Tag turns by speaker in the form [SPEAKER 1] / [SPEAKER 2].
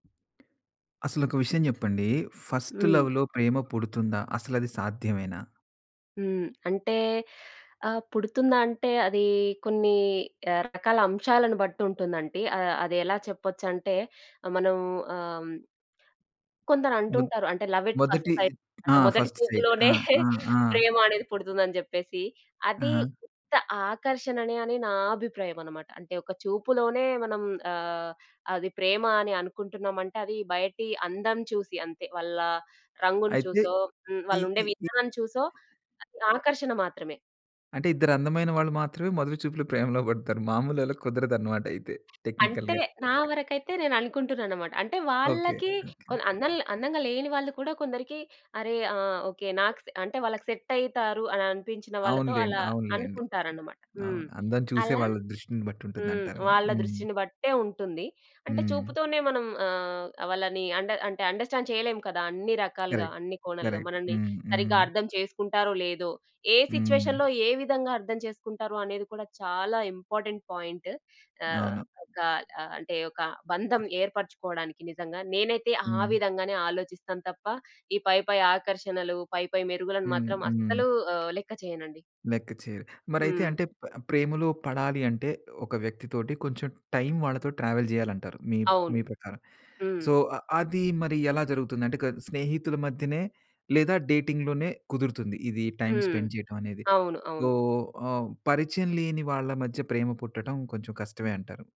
[SPEAKER 1] అసలొక విషయం జెప్పండి. ఫస్ట్
[SPEAKER 2] హ్మ్.
[SPEAKER 1] లవ్‌లో ప్రేమ పుడుతుందా? అసలది సాధ్యమేనా?
[SPEAKER 2] హ్మ్. అంటే ఆహ్, పుడుతుందా అంటే అది కొన్ని ఆహ్, రకాల అంశాలను బట్టి ఉంటుందంటి. ఆహ్, అదెలా చెప్పొచ్చంటే మనం ఆహ్, హ్మ్.
[SPEAKER 1] దబ్
[SPEAKER 2] కొందరంటుంటారు. అంటే లవ్ ఎట్ ఫస్ట్
[SPEAKER 1] మొదటి
[SPEAKER 2] సైట్
[SPEAKER 1] ఆ!
[SPEAKER 2] అంటే మొదటి
[SPEAKER 1] ఫస్ట్ సైట్
[SPEAKER 2] చూపులోనే
[SPEAKER 1] ఆ! ఆ! ఆ!
[SPEAKER 2] ప్రేమ అనేది పుడుతుందని చెప్పేసి. అది
[SPEAKER 1] హహ.
[SPEAKER 2] ఉత్త ఆకర్షణ అనె అని నా అభిప్రాయం అన్నమాట. అంటే ఒక చూపులోనే మనం ఆహ్, అది ప్రేమ అని అనుకుంటున్నాం అంటే అది బయటి అందం చూసి అంతే. వాళ్ళ రంగుని
[SPEAKER 1] అయితే
[SPEAKER 2] చూసో హ్మ్.
[SPEAKER 1] ఈ
[SPEAKER 2] వాళ్ళుండే
[SPEAKER 1] ఈ ఈ
[SPEAKER 2] విధానం చూసో అది ఆకర్షణ మాత్రమే.
[SPEAKER 1] అంటే ఇద్దరందమైన వాళ్ళు మాత్రమే మొదటి చూపులో ప్రేమలో పడతారు. మాములోళ్ళకి కుదరదన్నమాట అయితే
[SPEAKER 2] అంటే
[SPEAKER 1] టెక్నికల్‌గా.
[SPEAKER 2] నా వరకైతే నేననుకుంటుననమాట. అంటే
[SPEAKER 1] ఓకే.
[SPEAKER 2] వాళ్ళకి
[SPEAKER 1] ఓకే.
[SPEAKER 2] కొ అందంగ, అందంగా లేని వాళ్ళు కూడా కొందరికి అరె! ఆహ్, ఓకే. నాక్ సె అంటే వాళ్ళకి సెట్ అయితారు అని అనిపించిన వాళ్ళతో
[SPEAKER 1] అవునులెండి.
[SPEAKER 2] అలా
[SPEAKER 1] అవునులెండి.
[SPEAKER 2] అనుకుంటారన్నమాట. హ్మ్.
[SPEAKER 1] అవును. అందం చూసే
[SPEAKER 2] అలా
[SPEAKER 1] వాళ్ళ దృష్టిని
[SPEAKER 2] హ్మ్.
[SPEAKER 1] బట్టుంటుందంటారు గదా!
[SPEAKER 2] వాళ్ళ దృష్టిని బట్టే ఉంటుంది. అంటే
[SPEAKER 1] హ్మ్.
[SPEAKER 2] చూపుతోనే మనం ఆహ్, వాళ్ళని అండ అంటే అండర్‌స్టాండ్ చేయలేము కదా! అన్ని రకాలుగా,
[SPEAKER 1] కరెక్ట్.
[SPEAKER 2] అన్ని కోణాలుగా,
[SPEAKER 1] కరెక్ట్.
[SPEAKER 2] మనల్ని
[SPEAKER 1] హ్మ్.
[SPEAKER 2] సరిగ్గా
[SPEAKER 1] హ్మ్.
[SPEAKER 2] అర్థం చేసుకుంటారో? లేదో? ఏ
[SPEAKER 1] హ్మ్.
[SPEAKER 2] సిట్యుయేషన్‌లో ఏ విధంగా అర్థం చేసుకుంటారో అనేది కూడా చాలా ఇంపార్టెంట్ పాయింట్. ఆహ్,
[SPEAKER 1] అవును.
[SPEAKER 2] ఒక ఆహ్, అంటే ఒక బంధం ఏర్పరుచుకోవడానికి నిజంగా నేనైతే ఆ
[SPEAKER 1] హ్మ్.
[SPEAKER 2] విధంగానే ఆలోచిస్తాను తప్ప ఈ పైపై ఆకర్షణలు, పైపై మెరుగులను
[SPEAKER 1] హ్మ్.
[SPEAKER 2] మాత్రం
[SPEAKER 1] హ్మ్.
[SPEAKER 2] అస్సలు ఆహ్, లెక్క చేయనండి.
[SPEAKER 1] లెక్కచేయరు. మరైతే
[SPEAKER 2] హ్మ్.
[SPEAKER 1] అంటే ప ప్రేమలో పడాలి అంటే, ఒక వ్యక్తి తోటి కొంచెం టైమ్ వాళ్ళతో ట్రావెల్ జేయాలంటారు. మీ
[SPEAKER 2] అవును.
[SPEAKER 1] మీ ప్రకారం.
[SPEAKER 2] హ్మ్.
[SPEAKER 1] సో అది మరి ఎలా జరుగుతుంది? అంటే క స్నేహితుల మధ్యనే లేదా డేటింగ్‌ లోనే కుదురుతుంది. ఇది టైమ్
[SPEAKER 2] హ్మ్.
[SPEAKER 1] స్పెండ్ చేయటం అనేది
[SPEAKER 2] అవును. అవును.
[SPEAKER 1] ఓహ్, ఓ పరిచయం లేని వాళ్ళ మధ్య ప్రేమ పుట్టటం కొంచెం కష్టమే అంటారు.